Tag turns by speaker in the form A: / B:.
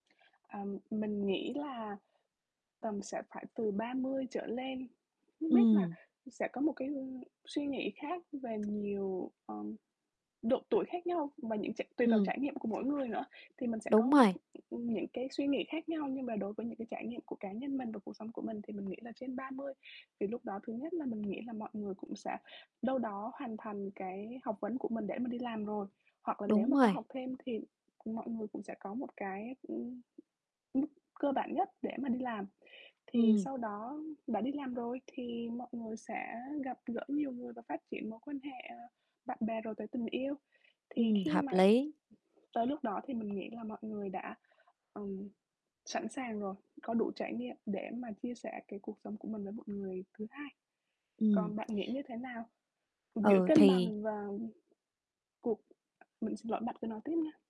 A: Ờ, mình nghĩ là tầm sẽ phải từ 30 trở lên, không biết là
B: Ừm.
A: sẽ có một cái, ưm, suy nghĩ khác về nhiều, ờ, độ tuổi khác nhau và những tr tùy vào
B: Ừm.
A: trải nghiệm của mỗi người nữa thì mình sẽ có,
B: Đúng rồi.
A: ừm, những cái suy nghĩ khác nhau. Nhưng mà đối với những cái trải nghiệm của cá nhân mình và cuộc sống của mình thì mình nghĩ là trên 30 thì lúc đó thứ nhất là mình nghĩ là mọi người cũng sẽ đâu đó hoàn thành cái học vấn của mình để mình đi làm rồi. Hoặc là nếu
B: Đúng
A: mà có
B: rồi.
A: học thêm thì mọi người cũng sẽ có một cái, ừm, mức cơ bản nhất để mà đi làm. Thì
B: Ừm.
A: sau đó đã đi làm rồi thì mọi người sẽ gặp gỡ nhiều người và phát triển mối quan hệ bạn bè rồi tới tình yêu. Thì
B: Ừm,
A: khi
B: hợp
A: mà
B: lý.
A: tới lúc đó thì mình nghĩ là mọi người đã, ừm, sẵn sàng rồi, có đủ trải nghiệm để mà chia sẻ cái cuộc sống của mình với một người thứ hai.
B: Ừm.
A: Còn bạn nghĩ như thế nào? Giữa
B: Ừ,
A: cân
B: thì
A: bằng và cuộc mình xin lỗi, bạn cứ nói tiếp nha.